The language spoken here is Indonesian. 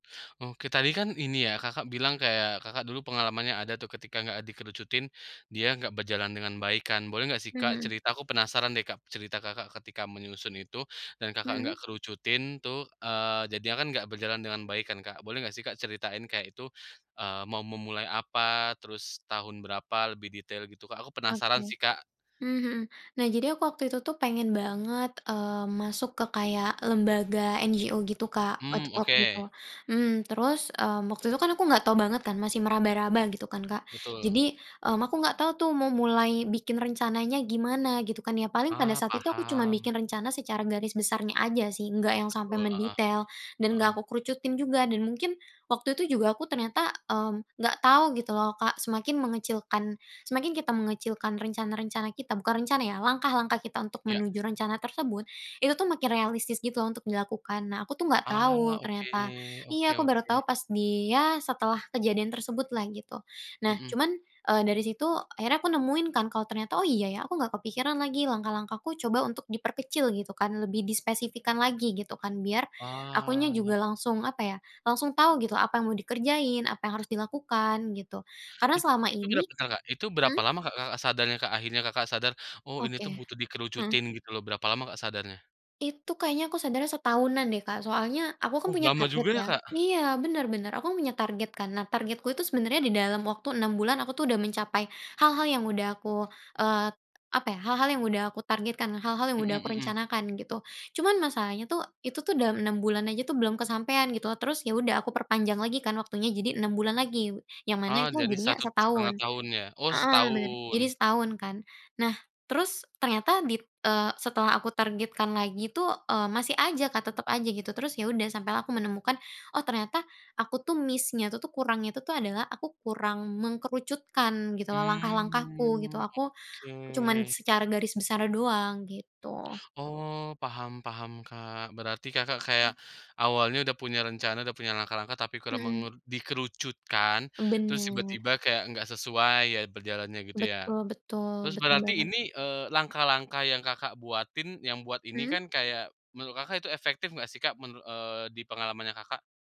Oke, tadi kan ini ya, Kakak, bilang kayak, Kakak, dulu pengalamannya ada tuh ketika nggak dikerucutin, dia nggak berjalan dengan baik kan, boleh nggak sih, Mmm, Kak, mhm. cerita, aku penasaran deh, Kak, cerita, Kakak, ketika menyusun itu dan, Kakak, Mhm. nggak kerucutin tuh, eee, jadinya kan nggak berjalan dengan baik kan, Kak, boleh nggak sih, Kak, ceritain kayak itu, eee, mau memulai apa, terus tahun berapa lebih detail gitu, Kak? Aku Oke. penasaran sih, Kak. Mmm mhm. Nah, jadi aku waktu itu tuh pengen banget, eee, masuk ke kayak lembaga NGO gitu, Kak, waktu Mmm. waktu itu, Oke mhm terus waktu itu kan aku nggak tahu banget kan, masih meraba-raba, gitu kan, Kak, Betul. jadi aku nggak tahu tuh mau mulai bikin rencananya gimana, gitu kan, ya. Paling pada Ah, saat itu aku cuman paham. bikin rencana secara garis besarnya aja sih, nggak yang sampai Betul, heeh. mendetail dan Heeh. nggak aku kerucutin juga dan mungkin waktu itu juga aku, mmm, ternyata nggak tahu, gitu loh, Kak, semakin mengecilkan semakin kita mengecilkan rencana-rencana kita, bukan rencana ya, langkah-langkah kita untuk Ya. menuju rencana tersebut, itu tuh makin realistis, gitu loh, untuk dilakukan. Nah, aku tuh nggak Ah, tahu oke ternyata. oke Iya, aku baru tahu oke. pas di ya setelah kejadian tersebut lah, gitu. Nah, Mhm. cuman, eee, dari situ akhirnya aku nemuin kan kalau ternyata, oh, iya, ya, aku nggak kepikiran lagi langkah-langkah, aku coba untuk diperkecil kan lebih dispesifikan lagi, gitu kan, biar akunya Ah. juga langsung, apa ya, langsung tahu gitu, apa yang mau dikerjain, apa yang harus dilakukan, gitu, karena It selama itu garis ini besar, Kak? Itu berapa mhm? lama, Kak, Kakak ,sadarnya, Kak, akhirnya, Kakak, sadar, "Oh, ini tuh Oke, butuh heeh. dikerucutin", gitu loh. Berapa lama, Kak, sadarnya? Itu kayaknya aku sadarnya setahunan deh, Kak, soalnya aku kan Oh, punya lama target, juga ya, ya. Kak. Iya, bener, bener, aku kan punya target kan. Nah, targetku itu sebenarnya di dalam waktu 6 bulan, aku tuh udah mencapai hal-hal yang udah aku, eee, apa ya, hal-hal yang udah aku targetkan, hal-hal yang udah Mhm aku mhm. rencanakan, gitu. Cuman masalahnya tuh, itu tuh dalam 6 bulan aja tuh, belum kesampaian, gitu. Terus, ya, udah, aku perpanjang lagi kan waktunya jadi 6 bulan lagi, yang mana Oh, itu jadi jadinya 1,5 setahun. tahun ya, oh, Heeh, bener. Jadi setahun. setahun kan, nah, terus ternyata di eee, setelah aku targetkan lagi tuh, masih aja, Kak, tetep aja gitu terus, ya udah, sampai aku menemukan, "Oh, ternyata aku tuh miss-nya itu tuh, kurang itu tuh adalah aku kurang mengerucutkan, gitu loh, langkah-langkahku, gitu. Mmm, Aku cuman oke. secara garis besar doang, gitu. Oh, paham paham, Kak. Berarti, Kakak, kayak awalnya udah punya rencana, udah punya langkah-langkah, tapi kurang Mhm. mengeru dikerucutkan, terus Bener. tiba-tiba kayak nggak sesuai ya berjalannya, gitu ya? Betul betul Terus betul berarti banget. ini, eee, langkah-langkah yang, Kakak, buatin, yang buat ini Mhm? kan kayak, menurut, Kakak, itu efektif enggak sih, Kak? Menur eee, di pengalamannya, Kakak?